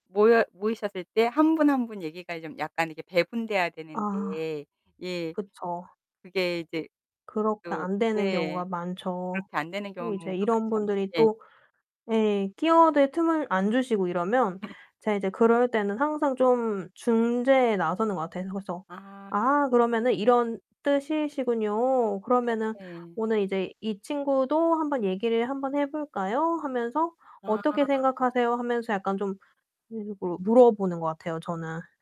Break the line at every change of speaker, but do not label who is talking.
모여 모이셨을 때 한 분, 한 분 얘기가 좀 약간 이렇게 배분돼야
아
되는데. 예.
그쵸.
그게 이제
그렇게
또
안 되는
네
경우가 많죠.
그렇게 안 되는 경우가
또 이제 이런
많죠.
분들이
예.
또 예 끼어들 틈을 안 주시고 이러면 제가 이제 그럴 때는 항상 좀 중재에 나서는 것 같아요. 그래서
아.
"아 그러면은 이런 뜻이시군요. 그러면은
네.
오늘 이제 이 친구도 한번 얘기를 한번 해 볼까요?" 하면서 "어떻게
아.
생각하세요?" 하면서 약간 좀 일부러 물어보는 것 같아요, 저는.